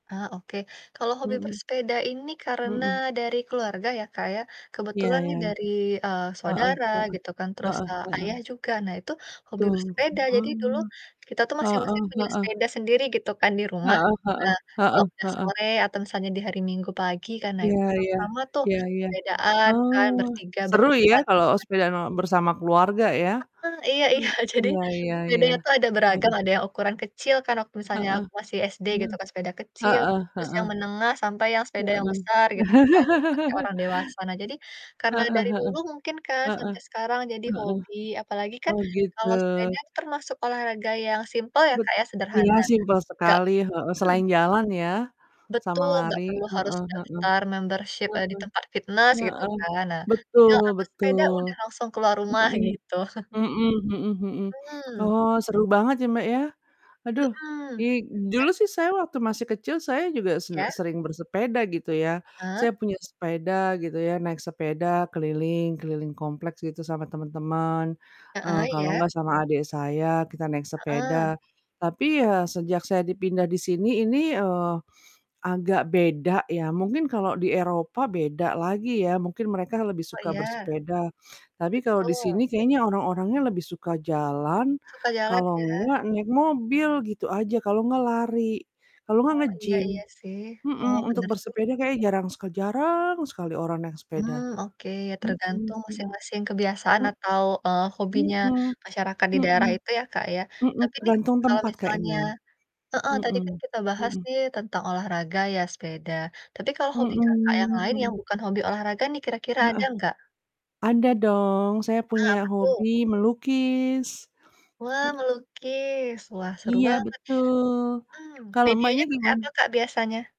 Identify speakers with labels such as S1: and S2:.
S1: Ah oke, kalau hobi
S2: Mhm.
S1: bersepeda ini karena
S2: Mhm.
S1: dari keluarga ya Kak ya.
S2: Iya
S1: Kebetulan
S2: iya.
S1: nih dari, eee,
S2: Heeh
S1: saudara
S2: heeh,
S1: gitu kan terus,
S2: heeh
S1: eee,
S2: heeh.
S1: ayah juga nah itu hobi
S2: Betul, betul
S1: bersepeda jadi dulu
S2: banget.
S1: kita tuh
S2: Heeh
S1: masing-masing punya
S2: heeh
S1: sepeda sendiri gitu kan di rumah.
S2: Heeh heeh
S1: Nah, kalau
S2: heeh
S1: udah
S2: heeh.
S1: sore atau misalnya di hari Minggu pagi kan nah
S2: Iya
S1: itu
S2: iya,
S1: sama-sama tuh
S2: iya iya,
S1: sepedaan kan
S2: oh.
S1: bertiga
S2: Seru ya
S1: berempat.
S2: kalau
S1: [unintelligible]
S2: sepedaan bersama keluarga ya.
S1: Heeh, iya iya
S2: Mmm.
S1: jadi
S2: Iya iya iya.
S1: sepedanya tuh ada beragam
S2: Mhm.
S1: ada yang ukuran kecil kan waktu misalnya
S2: Heeh,
S1: aku masih SD
S2: mhm,
S1: gitu kan sepeda kecil,
S2: heeh
S1: terus yang
S2: heeh.
S1: menengah sampai yang sepeda yang
S2: Heeh.
S1: besar gitu kan dipake orang dewasa. Nah jadi karena
S2: Heeh
S1: dari
S2: heeh,
S1: dulu mungkin kan
S2: heeh,
S1: sampai sekarang jadi
S2: heeh,
S1: hobi apalagi kan
S2: oh gitu.
S1: kalau sepeda termasuk olahraga yang simpel ya
S2: Bet
S1: Kak ya,
S2: iya,
S1: sederhana
S2: simpel
S1: nggak
S2: sekali, heeh.
S1: mhm.
S2: Selain jalan, ya, sama
S1: Betul, gak
S2: lari,
S1: perlu harus
S2: heeh heeh,
S1: daftar membership,
S2: heeh,
S1: eee, di tempat fitnes gitu
S2: heeh.
S1: kan, nah tinggal
S2: Betul
S1: ambil sepeda udah
S2: betul.
S1: langsung keluar rumah
S2: Mhm,
S1: gitu.
S2: mhm mhm mhm.
S1: Mhm.
S2: Oh seru banget ya Mbak ya. Aduh
S1: Mhm.
S2: i dulu
S1: Nah
S2: sih saya waktu masih kecil saya juga sen
S1: Iya?
S2: sering bersepeda gitu ya. Saya
S1: Heeh.
S2: punya sepeda gitu ya, naik sepeda keliling keliling kompleks gitu sama temen-temen. Eee,
S1: Heeh,
S2: kalau
S1: iya.
S2: gak sama adik saya kita naik
S1: Heeh.
S2: sepeda. Tapi ya sejak saya dipindah di sini ini, eee, agak beda yah. Mungkin kalau di Eropa beda lagi ya. Mungkin mereka lebih
S1: Oh,
S2: suka
S1: iya.
S2: bersepeda. Tapi kalau
S1: Betul.
S2: disini kayaknya orang-orangnya lebih suka jalan,
S1: Suka jalan
S2: kalau
S1: ya.
S2: gak naik mobil gitu aja, kalau gak lari, kalau gak
S1: Oh, iya
S2: nge-gym,
S1: iya sih, oh,
S2: mhm, untuk
S1: bener juga.
S2: bersepeda kayaknya jarang sekal jarang sekali orang naik
S1: Mmm,
S2: sepeda.
S1: oke
S2: Mhm
S1: tergantung
S2: mhm.
S1: masing-masing kebiasaan atau, eee,
S2: M
S1: hobinya
S2: mhm,
S1: masyarakat di
S2: mhm.
S1: daerah itu ya Kak ya
S2: Mhm,
S1: tapi nih
S2: tergantung
S1: kalo
S2: tempat
S1: misalnya
S2: kayaknya.
S1: heeh, tadi kan
S2: Mhm,
S1: kita bahas
S2: mhm.
S1: nih tentang olahraga ya sepeda tapi kalau hobi Kakak yang
S2: Mhm,
S1: lain yang
S2: mhm.
S1: bukan hobi olahraga nih kira-kira ada
S2: Heeh.
S1: nggak?
S2: Ada dong saya
S1: Ah,
S2: punya
S1: apa tuh?
S2: hobi melukis.
S1: Wah
S2: M
S1: melukis wah seru
S2: Iya
S1: banget,
S2: betul,
S1: mmm,
S2: kalau
S1: medianya
S2: Mbaknya
S1: seperti
S2: gimana?
S1: apa Kak biasanya?